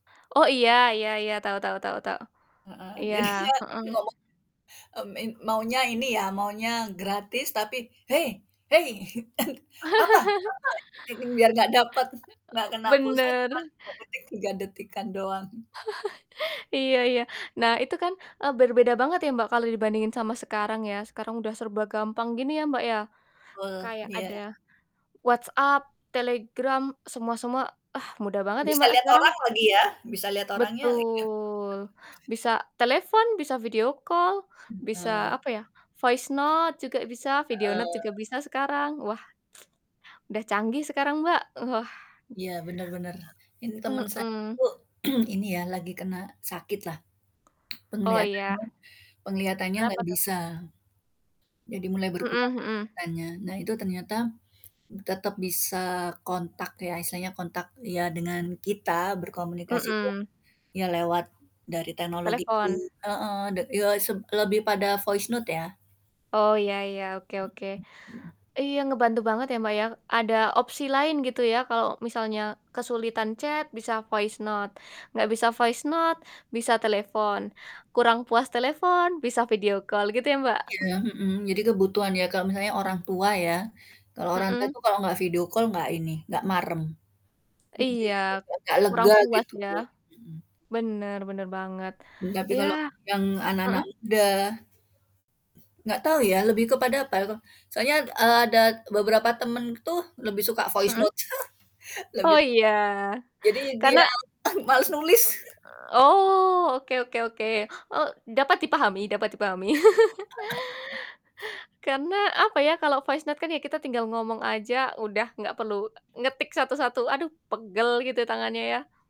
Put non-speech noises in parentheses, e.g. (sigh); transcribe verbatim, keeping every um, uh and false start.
Oh iya iya iya, tau tau tau tau, Heeh, iya, jadinya, heeh. ngomong mmm, in maunya ini ya, maunya gratis tapi "Hei, hei!" Gitu kan "apa? (laughs) Kenapa?" Biar gak dapet, (chuckles) nggak Eee, kena pulsa bener. cuman tiga detik, tiga detik-an doang. (laughs) Iya iya. Nah itu kan, eee, berbeda banget ya, Mbak, kalau dibandingin sama sekarang ya, sekarang udah serba gampang gini ya, Mbak, ya Betul, kayak iya. ada WhatsApp, Telegram, semua-semua, ah mudah banget ya, Bisa Mbak, liat sekarang? orang lagi ya, bisa liat orangnya lagi ya. (chuckles) Betul bisa telepon, bisa video call bisa Mhm. apa ya, voice note juga bisa, video note juga Heeh. bisa sekarang, wah, (tsk) udah canggih sekarang Mbak, wah. Iya bener bener, ini temen saya Mmm. tuh, (clears throat) ini ya, lagi kena sakit lah Oh iya. penglihatannya pengelihatannya Kenapa nggak tuh? bisa, jadi mulai berkurang Mhm mhm. pengelihatannya. Nah itu ternyata tetep bisa kontak ya, istilahnya kontak ya dengan kita berkomunikasi tuh Mmm. ya lewat dari teknologi itu. Telepon? Heeh, de ya, seb lebih pada voice note ya. Oh iya iya, oke Hmm, oke, mhm. iya ngebantu banget ya, Mbak, ya, ada opsi lain gitu, ya kalau misalnya kesulitan chat bisa voice note nggak bisa voice note bisa telepon, kurang puas telepon, bisa video call gitu ya, Mbak? Iya, (chuckles) hmm, jadi kebutuhan ya Kak. Misalnya orang tua ya, kalau orang tua Hmm. itu kalau nggak video call nggak ini, nggak marem, jadi Iya, nggak kurang lega puas gitu ya? loh, hmm. Bener bener banget, Tapi ya. kalau yang anak-anak Mhm. muda Nggak tahu ya, lebih kepada apa ya, ko soalnya, eee, ada beberapa temen tuh lebih suka voice Hmm? note (chuckles) lebih Oh suka, iya, jadi karena dia (laughs) malas nulis. Eee, oh, oke oke oke. Oh, dapat dipahami dapat dipahami. (laughs) (laughs) Karena apa ya, kalau voice note kan ya kita tinggal ngomong aja udah nggak perlu, eee, ngetik satu-satu, aduh pegel gitu tangannya ya?